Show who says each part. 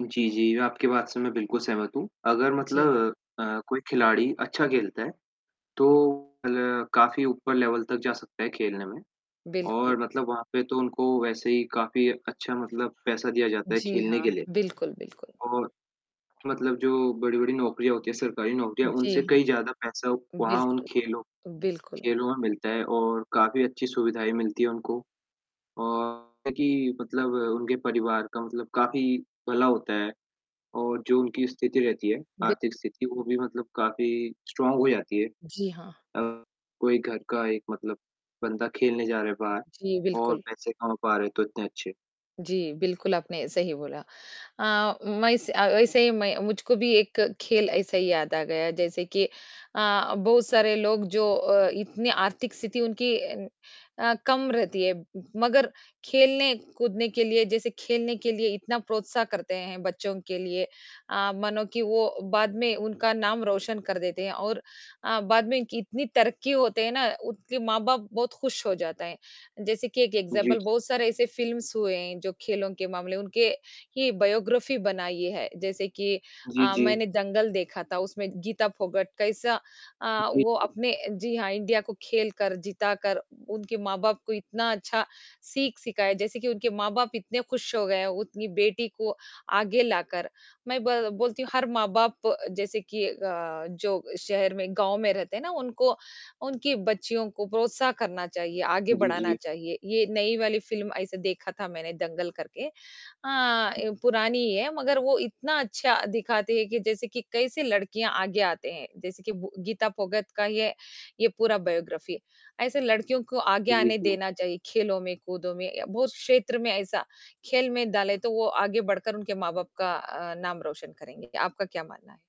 Speaker 1: जी, जी, मैं आपकी बात से मैं बिल्कुल सहमत हूँ। अगर
Speaker 2: जी।
Speaker 1: मतलब अ, कोई खिलाड़ी अच्छा खेलता है, तो अ, काफ़ी ऊपर लेवल तक जा सकता है खेलने में,
Speaker 2: बिल्कुल।
Speaker 1: और मतलब वहाँ पे तो उनको वैसे ही काफ़ी अच्छा मतलब पैसा दिया जाता है
Speaker 2: जी
Speaker 1: खेलने
Speaker 2: हाँ,
Speaker 1: के लिए।
Speaker 2: बिल्कुल, बिल्कुल।
Speaker 1: और मतलब जो बड़ी-बड़ी नौकरियाँ होती हैं, सरकारी नौकरियाँ
Speaker 2: जी
Speaker 1: उनसे
Speaker 2: हाँ।
Speaker 1: कई ज़्यादा पैसा वहाँ उन
Speaker 2: बिल्कुल।
Speaker 1: खेलों
Speaker 2: बिल्कुल।
Speaker 1: खेलों में मिलता है और काफ़ी अच्छी सुविधाएँ भी मिलती हैं उनको। और कि मतलब उनके परिवार का मतलब काफ़ी भला होता है, और जो उनकी स्थिति रहती है,
Speaker 2: बिल्क
Speaker 1: आर्थिक स्थिति वो भी मतलब काफ़ी स्ट्रॉन्ग हो जाती है।
Speaker 2: जी हाँ।
Speaker 1: अ कोई घर का एक मतलब बंदा खेलने जा रहा है बाहर
Speaker 2: जी,
Speaker 1: और
Speaker 2: बिल्कुल।
Speaker 1: पैसे कमा पा रहे हैं तो इतने अच्छे
Speaker 2: जी, बिल्कुल आपने सही बोला। अ, मैं इस अ, वैसे ही मैं मुझको भी एक खेल ऐसा ही याद आ गया जैसे कि अ, बहुत सारे लोग जो अ, इतनी आर्थिक स्थिति उनकी अ अ, कम रहती है, मगर खेलने-कूदने के लिए जैसे खेलने के लिए इतना प्रोत्साह करते हैं बच्चों के लिए। अ, मानो की वो बाद में उनका नाम रोशन कर देते हैं और अ, बाद में इनकी इतनी तरक्की होते हैं ना, उनके माँ-बाप बहुत खुश हो जाते हैं। जैसे कि एक
Speaker 1: जी।
Speaker 2: एग्ज़ाम्पल, बहुत सारे ऐसे फ़िल्म्स हुए हैं जो खेलों के मामले उनके ही बायोग्राफ़ी बनाई है। जैसे कि
Speaker 1: जी,
Speaker 2: अ,
Speaker 1: जी।
Speaker 2: मैंने दंगल देखा था उसमें गीता फोगाट कैसा अ,
Speaker 1: जी,
Speaker 2: वो
Speaker 1: जी।
Speaker 2: अपने जी हाँ, इंडिया को खेल कर, जीता कर उनके माँ-बाप को इतना अच्छा सीख सीखा है, जैसे कि उनके माँ-बाप इतने खुश हो गए है, उतनी बेटी को आगे ला कर। मैं ब बोलती हूँ हर माँ-बाप जैसे कि अ, जो शहर में गाँव में रहते हैं ना, उनको उनकी बच्चियों को प्रोत्साह करना चाहिए, आगे
Speaker 1: जी,
Speaker 2: बढ़ाना
Speaker 1: जी।
Speaker 2: चाहिए, ये नई वाली फ़िल्म ऐसे देखा था मैंने दंगल करके। अ ए, पुरानी ही है मगर वो इतना अच्छा दिखाते हैं कि जैसे कि कैसे लड़कियाँ आगे आते हैं, जैसे कि बु गीता फोगाट का ये ये पूरा बायोग्राफ़ी। ऐसे लड़कियों को आगे
Speaker 1: जी,
Speaker 2: आने
Speaker 1: जी।
Speaker 2: देना चाहिए, खेलों में, कूदों में या बहुत क्षेत्र में ऐसा खेल में डाले तो वो आगे बढ़कर उनके माँ-बाप का अ, नाम रोशन करेंगे, आपका क्या मानना है?